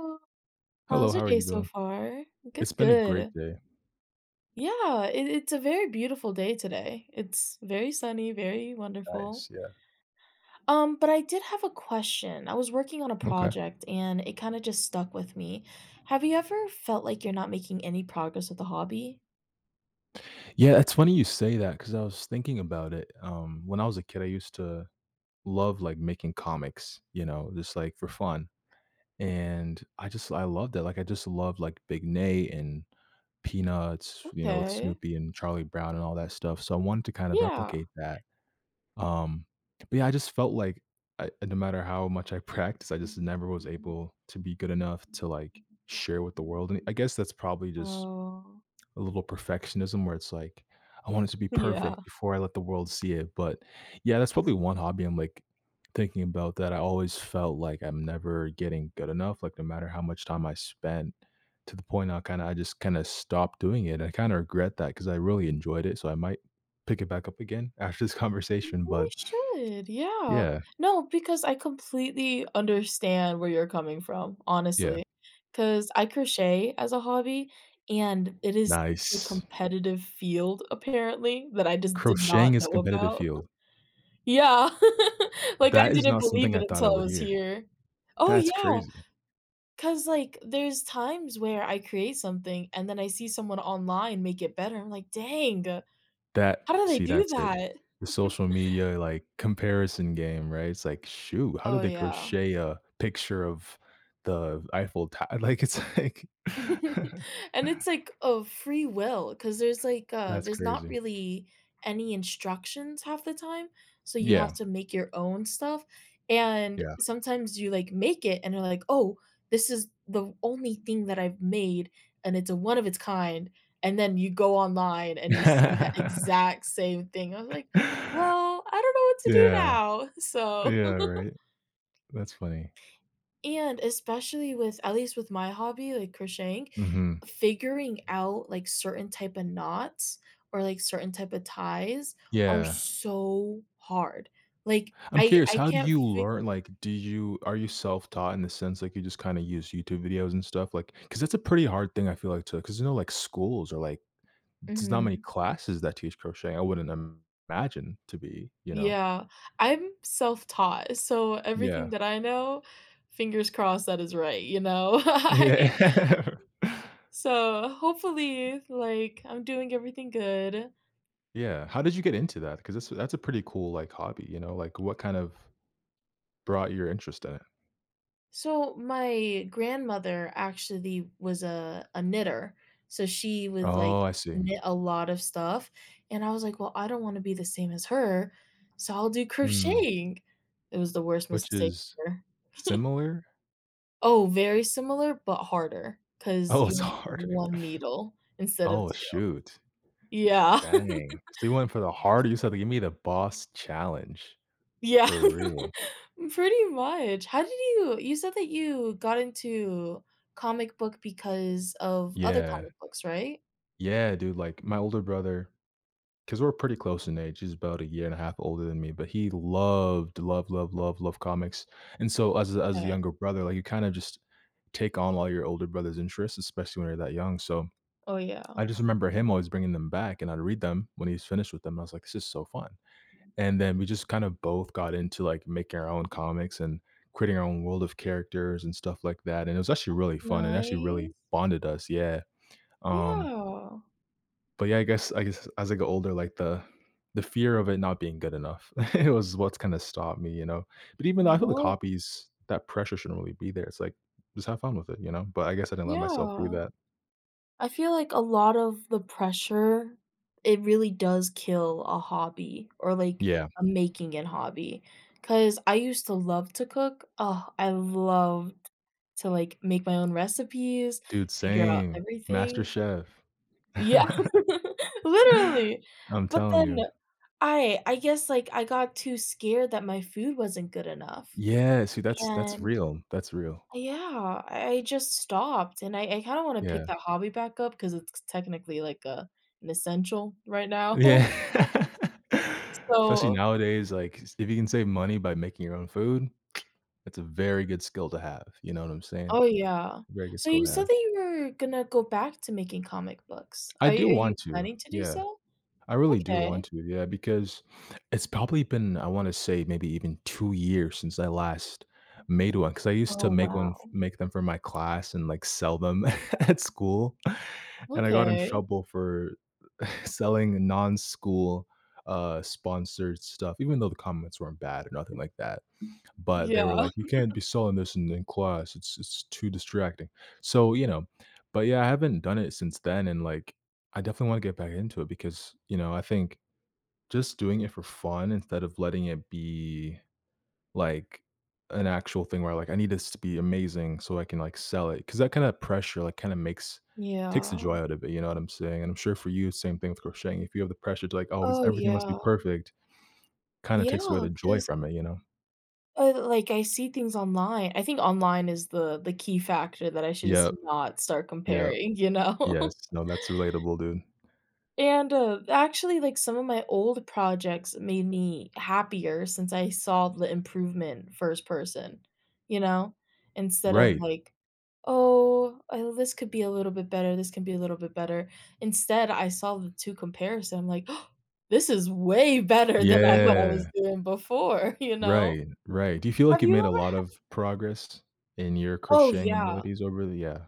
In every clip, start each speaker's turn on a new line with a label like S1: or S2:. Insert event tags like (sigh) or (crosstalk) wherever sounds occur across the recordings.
S1: (unintelligible)
S2: Hello,
S1: How's your
S2: how are
S1: day
S2: you
S1: so
S2: doing?
S1: far? Good,
S2: It's been a great
S1: good.
S2: day.
S1: Yeah. It it's a very beautiful day today. It's very sunny, very wonderful.
S2: Nice, yeah.
S1: Um, but I did have a question. I was working on a
S2: Okay.
S1: project, and it kinda just stuck with me. Have you ever felt like you're not making any progress with a hobby?
S2: Yeah, it's funny you say that, 'cause I was thinking about it, um, when I was a kid I used to love, like, making comics, you know, just, like, for fun and I just I loved it, like, I just loved, like, Big Nate and Peanuts, you know, with
S1: Okay.
S2: Snoopy and Charlie Brown and all that stuff, so I wanted to kind of
S1: Yeah.
S2: replicate that, um but, yeah, I just felt I no matter how much I practice, I just never was able to be good enough to, like, share with the world and I guess that's probably just
S1: Oh.
S2: a little perfectionism where it's like, I want it to be
S1: Yeah.
S2: perfect before I let the world see it, but yeah, that's probably one hobby I'm, like, thinking about that I always felt like I'm never getting good enough, like, no matter how much time I spent to the point I kinda I just kinda stopped doing it, I kinda regret that 'cause I really enjoyed it, so I might pick it back up again after this conversation,
S1: You
S2: but
S1: should, yeah.
S2: Yeah.
S1: No, because I completely understand where you're coming from,
S2: Yeah.
S1: honestly. 'Cause I crochet as a hobby, and it is such a
S2: Nice.
S1: competitive field apparently that I just did
S2: Crocheting
S1: not
S2: is
S1: know
S2: competitive
S1: about. (giggles)
S2: field.
S1: Yeah. (giggles) Like, I
S2: That is
S1: didn't
S2: not something
S1: believe it
S2: I thought I
S1: until I
S2: would
S1: was
S2: hear.
S1: here Oh,
S2: That's
S1: yeah.
S2: crazy.
S1: 'Cause, like, there's times where I create something, and then I see someone online make it better, I'm like, "Dang,
S2: That
S1: how do they
S2: see,
S1: do
S2: that's it.
S1: that?"
S2: The social
S1: (giggles)
S2: media, like, comparison game, right, it's like, "Shoot, how
S1: Oh,
S2: did they
S1: yeah.
S2: crochet a picture of the Eiffel to “like, it's like
S1: (giggles) And it's
S2: (chuckles)
S1: like, of free will, 'cause there's like, uh,
S2: That's
S1: there's not
S2: crazy.
S1: really any instructions half the time, so you
S2: Yeah.
S1: have to make your own stuff, and
S2: Yeah.
S1: sometimes you like make it and you're like, "Oh, this is the only thing that I've made, and it's a one of its kind," and then you go online and you see that exact same thing, I was like,
S2: (chuckles)
S1: "Well, I don't know what to do
S2: Yeah. Yeah,
S1: now,” so
S2: right.
S1: (giggles)
S2: That's funny.
S1: And especially with, at least with my hobby, like crocheting
S2: Mhm.
S1: figuring out, like, certain type a knots or, like, certain type a ties are
S2: Yeah.
S1: so hard, like,
S2: I'm
S1: I
S2: curious,
S1: I
S2: how do
S1: can't
S2: you
S1: fi
S2: learn like, do you are you self-taught, in the sense, like, you just, kinda, use YouTube videos and stuff, like 'cause it's a pretty hard thing, I feel, like to 'cause, you know, like, schools are, like there's not many
S1: Mhm.
S2: classes that teach crochet I wouldn't imagine to be, you know?
S1: Yeah. I'm self-taught, so everything
S2: Yeah.
S1: that I know fingers crossed that it's right, you know? I
S2: Yeah, r
S1: so, hopefully, like, I'm doing everything good.
S2: Yeah, how did you get into that, 'cause this that's a pretty cool, like, hobby, you know like, what, kind of, brought your interest in it?
S1: So, my grandmother actually was a a knitter, so she would, like,
S2: Oh, I see.
S1: knit a lot of stuff, and I was like, "Well, I don't wanna be the same as her, so I'll do
S2: Mm.
S1: crocheting." It was the worst
S2: Which
S1: mistake
S2: is,
S1: ever. (chuckles)
S2: similar?
S1: Oh, very similar, but harder, 'cause
S2: Oh,
S1: you
S2: it's
S1: only have
S2: harder.
S1: 1 needle instead of
S2: Oh,
S1: 2.
S2: shoot
S1: Yeah.
S2: Dang, so, you went for the
S1: (chuckles)
S2: harder. You said to, "Give me the boss challenge,"
S1: Yeah.
S2: for real.
S1: (laughs) Pretty much. How did you You said that you got into comic book because of other
S2: Yeah.
S1: comic books, right?
S2: Yeah, dude, like, my older brother 'cause we're pretty close in age. He's about a year and a half older than me. But he loved, loved, loved, loved, loved comics. And so as a as a
S1: M'kay.
S2: younger brother, like, you kind of just take on all your older brother's interests. Especially when you're that young. So,
S1: Oh, yeah.
S2: I just remember him always bringing them back, and I'd read them when he's finished with them. I was like, "This is so fun." And then we just kinda both got into, like, making our own comics and creating our own world of characters and stuff like that, and it was actually really fun, and actually really
S1: Nice.
S2: bonded us. Yeah. Um
S1: Yeah.
S2: But, yeah, I guess I guess as I get older, like, the the fear of it not being good enough. (chuckles) It was what's gonna stop me, you know? But even though I feel the
S1: No.
S2: copies, that pressure shouldn't really be there. It's like, "Just have fun with it," you know, but I guess I didn't let myself do
S1: Yeah.
S2: that.
S1: I feel like a lot of the pressure, it really does kill a hobby or like
S2: Yeah.
S1: a making-it hobby. 'Cause I used to love to cook. Ah, I loved to, like, make my own recipes,
S2: Dude,
S1: figure out
S2: same.
S1: everything.
S2: MasterChef.
S1: Yeah,
S2: (laughs)
S1: (giggles) literally.
S2: I'm
S1: But
S2: telling
S1: then,
S2: you.
S1: I I guess, like, I got too scared that my food wasn't good enough
S2: Yeah, see, that's that's
S1: and,
S2: real, that's real.
S1: yeah, I I just stopped, and I I kind of want to pick
S2: Yeah.
S1: that hobby back up 'cause it's c technically like a an essential right now.
S2: Yeah,
S1: S
S2: especially
S1: so
S2: nowadays, like, cause if you can save money by making your own food, (tsk) that's a very good skill to have, you know what I'm saying?
S1: Oh, yeah,
S2: Very good
S1: so
S2: skill
S1: you
S2: to
S1: said
S2: have.
S1: that you were gonna go back to making comic books,
S2: I
S1: are y are
S2: do
S1: you
S2: want to,
S1: planning to do
S2: yeah,
S1: so?
S2: I really do
S1: Okay.
S2: want to, yeah, because, it's probably been, I wanna say, maybe even 2 years since I last made one, 'cause I used
S1: Oh,
S2: to make one f
S1: wow.
S2: make them for my class and, like, sell them (chuckles) at school. And I got in
S1: Okay.
S2: trouble for (chuckles) selling non-school, uh, sponsored stuff, even though the comments weren't bad or nothing like that. But they were
S1: Yeah.
S2: like, "You can't
S1: (chuckles)
S2: be selling this in in class. It's-it's too distracting." So, you know? But, yeah, I haven't done it since then, and, like, I definitely wanna get back into it because, you know, I think just doing it for fun instead of letting it be, like, an actual thing where, like, "I need this to be amazing so I can, like, sell it." 'Cause that kind of pressure, like, kinda makes takes the joy
S1: Yeah.
S2: out of it, you know what I'm saying? And I'm sure for you, same thing with crocheting. If you have the pressure to, like, always
S1: Oh,
S2: everything must be
S1: yeah.
S2: perfect, kinda takes away
S1: Yeah,
S2: the joy
S1: 'cause
S2: from it, you know?
S1: uh, like, I see things online I think online is the the key factor that I should just
S2: Yep,
S1: not start
S2: yep,
S1: comparing, you
S2: yes,
S1: know?
S2: no, that's relatable, dude.
S1: And, uh, actually, like, some of my old projects made me happier since I saw the improvement first person, you know? Instead of
S2: Right.
S1: like, "Oh, uh, this could be a little bit better, this can be a little bit better." Instead, I saw the two comparison like, (gasps) "This is way better than I thought I was
S2: Yeah.
S1: doing before." (chuckles) You know?
S2: Right, right. Do you feel like
S1: Have
S2: you've
S1: you
S2: made a
S1: ever
S2: lot
S1: had
S2: of progress in your
S1: Oh
S2: crocheting
S1: yeah.
S2: abilities over the, uh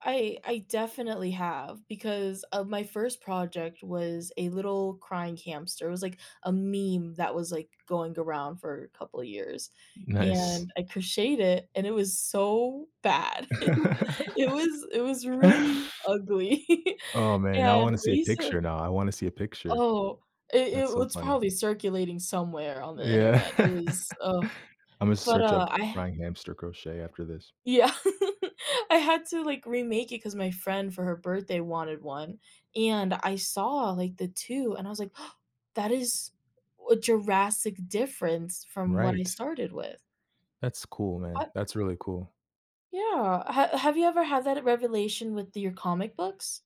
S1: I I definitely have because of my first project was a little crying hamster, it was like a meme that was, like, going around for a couple of years
S2: Nice.
S1: and I crocheted it and it was so bad, (chuckles) it was it
S2: (laughs)
S1: was really ugly. (laughs)
S2: Oh, man. I
S1: And
S2: wanna see a
S1: recent
S2: picture now. I wanna see a picture.
S1: Oh, i it
S2: That's
S1: well,
S2: so
S1: it's
S2: funny.
S1: probably circulating somewhere on the
S2: Yeah.
S1: internet, it was, ugh,
S2: (laughs) Imma
S1: but,
S2: search
S1: uh,
S2: up
S1: I
S2: "Crying hamster crochet," after this.
S1: Yeah, (laughs) I had to, like, remake it 'cause my friend for her birthday wanted one. And I saw, like, the two, and I was like, (gasps) "That is a drastic difference from what I
S2: Right.
S1: started with."
S2: That's cool, man.
S1: Up
S2: That's really cool.
S1: Yeah, h have you ever had that revelation with your comic books?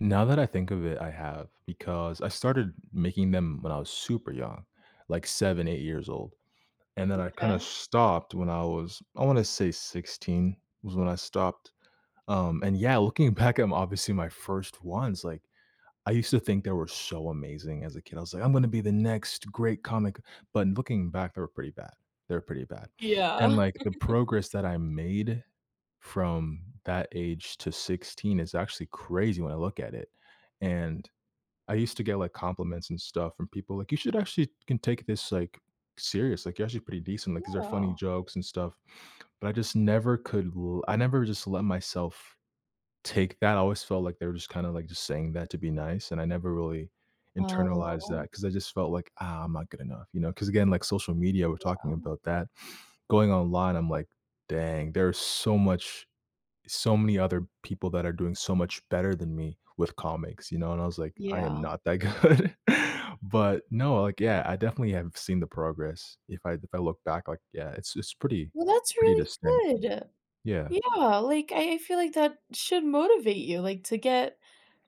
S2: Now that I think of it, I have, because I started making them when I was super young, like, 7, 8 years old, and then I kinda
S1: M'kay.
S2: stopped when I was, I wanna say 16, was when I stopped. Um, and, yeah, looking back, I'm obviously my first ones, like, I used to think they were so amazing as a kid, I was like, "I'm gonna be the next great comic," but looking back, they were pretty bad, they were pretty bad, and,
S1: Yeah.
S2: like, the
S1: (chuckles)
S2: progress that I made from that age to 16 is actually crazy when I look at it. And, I used to get, like, compliments and stuff from people, like, "You should actually can take this, like, serious, like, you're actually pretty decent, like, these are funny
S1: Yeah.
S2: jokes and stuff," but I just never could l I never just let myself take that, I always felt like they were just kinda, like, just saying that to be nice, and I never really internalized
S1: Oh.
S2: that 'cause I just felt like, "Ah, I'm not good enough," you know? 'Cause, again, like social media, we're talking
S1: Yeah.
S2: about that, going online, I'm like, "Dang there's so much so many other people that are doing so much better than me with comics," you know, and I was like, "I am
S1: Yeah.
S2: not that good," but no, like, yeah. I definitely have seen the progress. If I if I look back, like, yeah, it's it's pretty
S1: Well, that's
S2: pretty
S1: really
S2: distinct,
S1: good.
S2: yeah.
S1: Yeah, like, I I feel like that should motivate you, like, to get,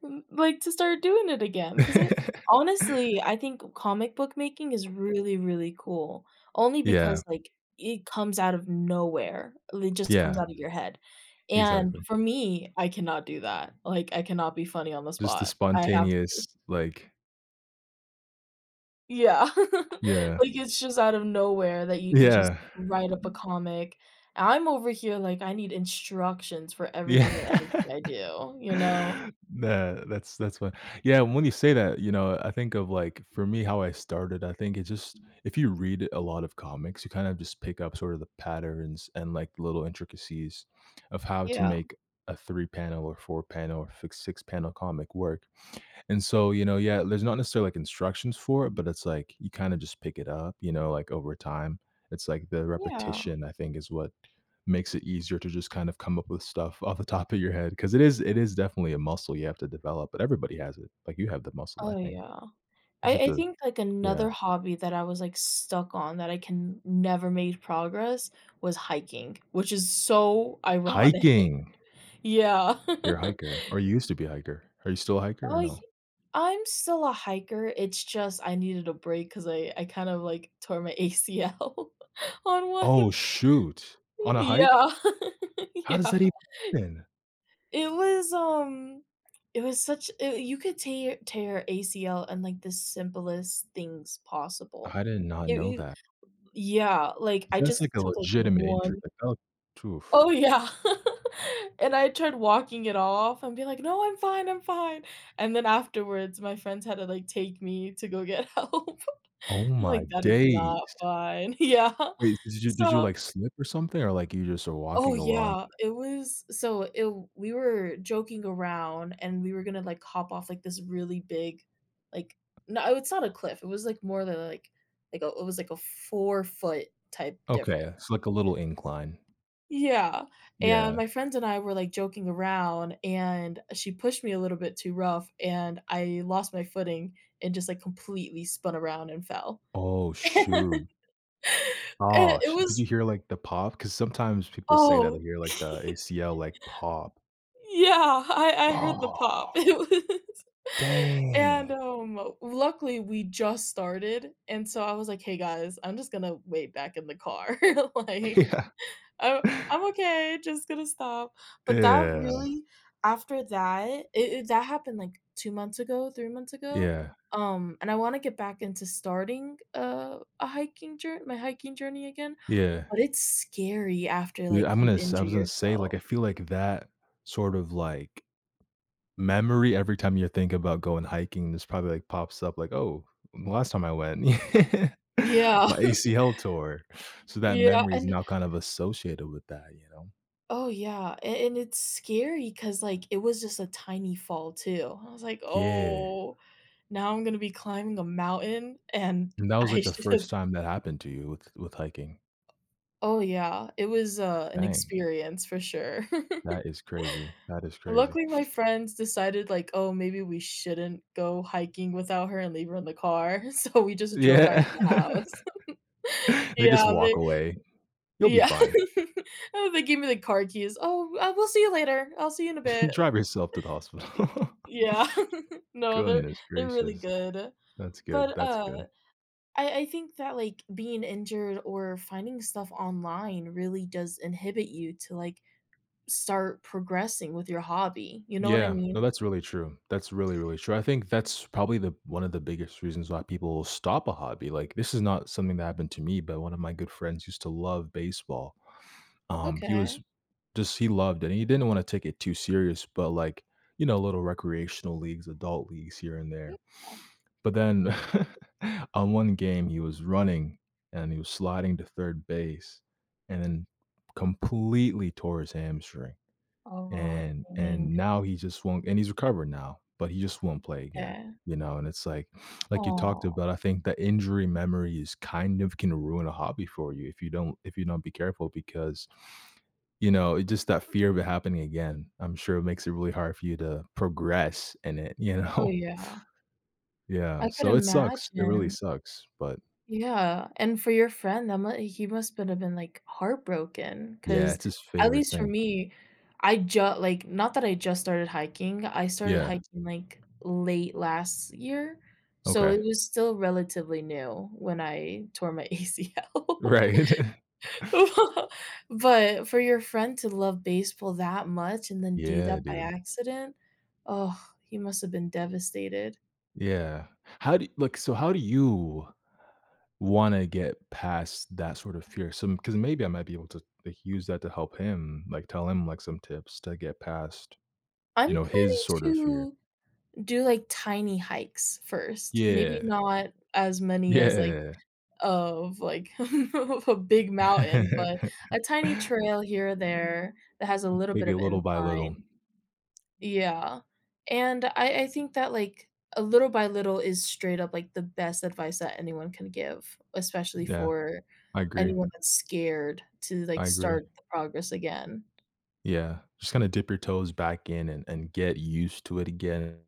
S1: m like, to start doing it again, 'cause I honestly,
S2: (laughs)
S1: I think comic book making is really, really cool only
S2: Yeah.
S1: because, like, it comes out of nowhere, it just comes
S2: Yeah.
S1: out of your head, and,
S2: Exactly.
S1: for me, I cannot do that, like, I cannot be funny on the
S2: Just the
S1: spot. I have to
S2: spontaneous, like
S1: Yeah, (laughs)
S2: Yeah.
S1: like, it's just out of nowhere that you could just
S2: Yeah.
S1: write up a comic, and I'm over here, like, "I need instructions for
S2: Yeah.
S1: everything and anything that I do," you know?
S2: Tha that's that's what. Yeah. When you say that, you know, I think of, like, for me, how I started, I think it just if you read a lot of comics, you kind of just pick up sort of the patterns and, like, little intricacies of how to
S1: Yeah.
S2: make a 3 panel, or 4 pane,l or f 6 panel comic work. And so, you know, yeah, there's not necessarily, like, instructions for it, but it's like, you kinda just pick it up, you know, like, over time. It's like the
S1: Yeah.
S2: repetition, I think, is what makes it easier to just kind of come up with stuff off the top of your head 'cause it is it is definitely a muscle you have to develop, but everybody has it. Like, you have the muscle, I
S1: Oh
S2: think.
S1: yeah.
S2: You just
S1: I
S2: have
S1: I
S2: to
S1: think like
S2: Yeah.
S1: another hobby that I was like stuck on that I can n never made progress was hiking, which is so ironic.
S2: Hiking.
S1: Yeah.
S2: You're a hiker or you
S1: (chuckles)
S2: used to be a hiker. Are you still a hiker or
S1: Oh, y
S2: no?
S1: I'm still a hiker, it's just I needed a break 'cause I I kind of, like, tore my ACL on one,
S2: Oh, shoot. On a hike?
S1: yeah,
S2: How does
S1: yeah.
S2: that even?
S1: It was, um it was such a a you could tear tare ACL and like the simplest things possible.
S2: I did not
S1: You
S2: know
S1: you
S2: that.
S1: yeah. Like, I
S2: That's
S1: just
S2: like a
S1: took, like,
S2: legitimate injury.
S1: one
S2: Like, oh t oof.
S1: Oh, yeah. (chuckles) And I tried walking it off and be like, "No, I'm fine. I'm fine." And then afterwards, my friends had to like, take me to go get help.
S2: Oh my
S1: Like, "That is
S2: days.
S1: not fine." Yeah.
S2: Wait. Did you did you,
S1: So.
S2: like, slip or something or, like, you just are
S1: Oh
S2: walking along?
S1: yeah, it was so i we were joking around and we were gonna like hop off like, this really big, like no, it's not a cliff. It was like more than like like, it was like a 4' type
S2: Okay. It's
S1: difference.
S2: like a little incline.
S1: Yeah. And
S2: Yeah.
S1: my friends and I were, like, joking around, and she pushed me a little bit too rough, and I lost my footing and just, like, completely spun around and fell.
S2: Oh,
S1: (laughs)
S2: shoot.
S1: It
S2: Ah,
S1: it
S2: sh did you
S1: was
S2: hear, like, the pop? 'Cause sometimes people say that they
S1: Oh.
S2: hear, like, the
S1: (gasps)
S2: ACL, like, pop.
S1: Yeah, I I heard the pop.
S2: Ah.
S1: It was and,
S2: Dang.
S1: um, luckily we just started, and so I was like, "Hey guys, I'm just gonna wait back in the car," (chuckles) like "I I'm
S2: (laughs)
S1: okay, just gonna stop." But that
S2: Yeah.
S1: really, after that, i it that happened like 2 months ago, 3 months ago.
S2: Yeah.
S1: Um, and I wanna get back into starting, uh, a hiking jour my hiking journey again,
S2: Yeah.
S1: but it's scary after,
S2: Yeah,
S1: like,
S2: I'm
S1: you
S2: gonna s I
S1: injure
S2: was gonna say, like,
S1: yourself.
S2: I feel like that sort of, like, memory every time you think about going hiking, this probably, like, pops up like, "Oh, last time I went, (laughs)
S1: Yeah.
S2: my ACL tore,"
S1: (chuckles)
S2: so that
S1: Yeah,
S2: memory is
S1: and
S2: now kind of associated with that, you know?
S1: Oh, yeah, a and it's scary 'cause, like, it was just a tiny fall too. I was like,
S2: Yeah.
S1: "Oh, now I'm gonna be climbing a mountain and
S2: And that was,
S1: I
S2: like, the
S1: should"
S2: first time that happened to you with with hiking.
S1: Oh, yeah, it was, uh, an
S2: Dang.
S1: experience for sure.
S2: That is crazy. That
S1: (giggles)
S2: is crazy.
S1: Luckily, my friends decided, like, "Oh, maybe we shouldn't go hiking without her and leave her in the car." So we just drove back
S2: Yeah.
S1: to the house.
S2: (chuckles)
S1: (giggles)
S2: They just
S1: Yeah, they
S2: walk away, "You'll be
S1: Yeah,
S2: fine."
S1: (giggles) oh, they gave me the car keys, "Oh oh we'll see you later, I'll see you in a bit."
S2: (chuckles) Drive yourself to the
S1: (chuckles) Y
S2: hospital.
S1: yeah. (giggles) No, they're
S2: Goodness
S1: they're really
S2: gracious.
S1: good.
S2: That's good,
S1: But,
S2: that's
S1: uh,
S2: good.
S1: I I think that, like, being injured or finding stuff online really does inhibit you to, like, start progressing with your hobby, you know what I
S2: Yeah, no,
S1: mean?
S2: that's really true, that's really, really true, I think that's probably the one of the biggest reasons why people stop a hobby, like, this is not something that happened to me, but 1 of my good friends used to love baseball. Um, he was
S1: Okay.
S2: just he loved it, and he didn't wanna take it too serious, but, like, you know, little recreational leagues, adult leagues here and there.
S1: Yeah.
S2: But then (chuckles) on 1 game, he was running, and he was sliding to third base and then completely tore his hamstring.
S1: Oh,
S2: And
S1: dang.
S2: and now he just won't and he's recovered now, but he just won't play again,
S1: Yeah.
S2: you know, and it's like like you talked
S1: Aw.
S2: about, I think the injury memories kind of can ruin a hobby for you if you don't if you don't be careful because, you know, it just that fear of it happening again, I'm sure it makes it really hard for you to progress in it, you
S1: Oh,
S2: know?
S1: yeah.
S2: Yeah,
S1: I could
S2: so it sucks, it really
S1: imagine.
S2: sucks. But
S1: Yeah, and for your friend, that m he must been a been, like, heartbroken
S2: Yeah,
S1: 'cause
S2: it's his
S1: at
S2: favorite
S1: least for
S2: thing.
S1: me, I ju like, not that I just started hiking, I started
S2: Yeah.
S1: hiking like, late last year, so
S2: Okay.
S1: it was still relatively new when I tore my ACL.
S2: Right.
S1: Well, but for your friend to love baseball that much and then do that
S2: Yeah,
S1: by
S2: dude.
S1: accident, oh, he must have been devastated.
S2: Yeah. How do y look. So how do you wanna get past that sort of fear? Some 'cause maybe I might be able to, like, use that to help him, like, tell him, like, some tips to get past, you
S1: I'm
S2: know, his
S1: planning
S2: sort of fear.
S1: to do like tiny hikes first. Maybe
S2: Yeah.
S1: not as many as like,
S2: Yeah.
S1: of like (chuckles) of a big mountain, but a
S2: (laughs)
S1: tiny trail here or there that has a
S2: M
S1: little
S2: take
S1: bit
S2: it
S1: of
S2: little by
S1: incline.
S2: little.
S1: Yeah. And I I think that like a little by little is straight up like the best advice that anyone can give, especially
S2: Yeah.
S1: for
S2: I agree.
S1: anyone that's scared to like
S2: I
S1: start
S2: agree.
S1: the progress again.
S2: Yeah. Just kinda dip your toes back in and-and get used to it again.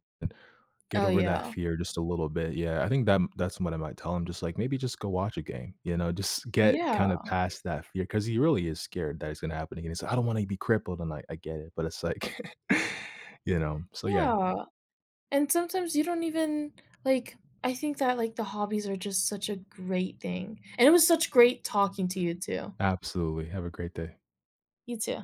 S2: Get
S1: Oh,
S2: over that
S1: yeah.
S2: fear just a little bit. Yeah. I think that-that's what I might tell him. Just like, "Maybe just go watch a game." You know? "Just get
S1: Yeah.
S2: kind of past that fear." 'Cause he really is scared that it's gonna happen again. Said, "I don't wanna be crippled." And I I get it. But it's like (chuckles) you know? So yeah.
S1: Yeah. And sometimes you don't even like, I think that, like, the hobbies are just such a great thing. And it was such great talking to you too.
S2: Absolutely. Have a great day.
S1: You too.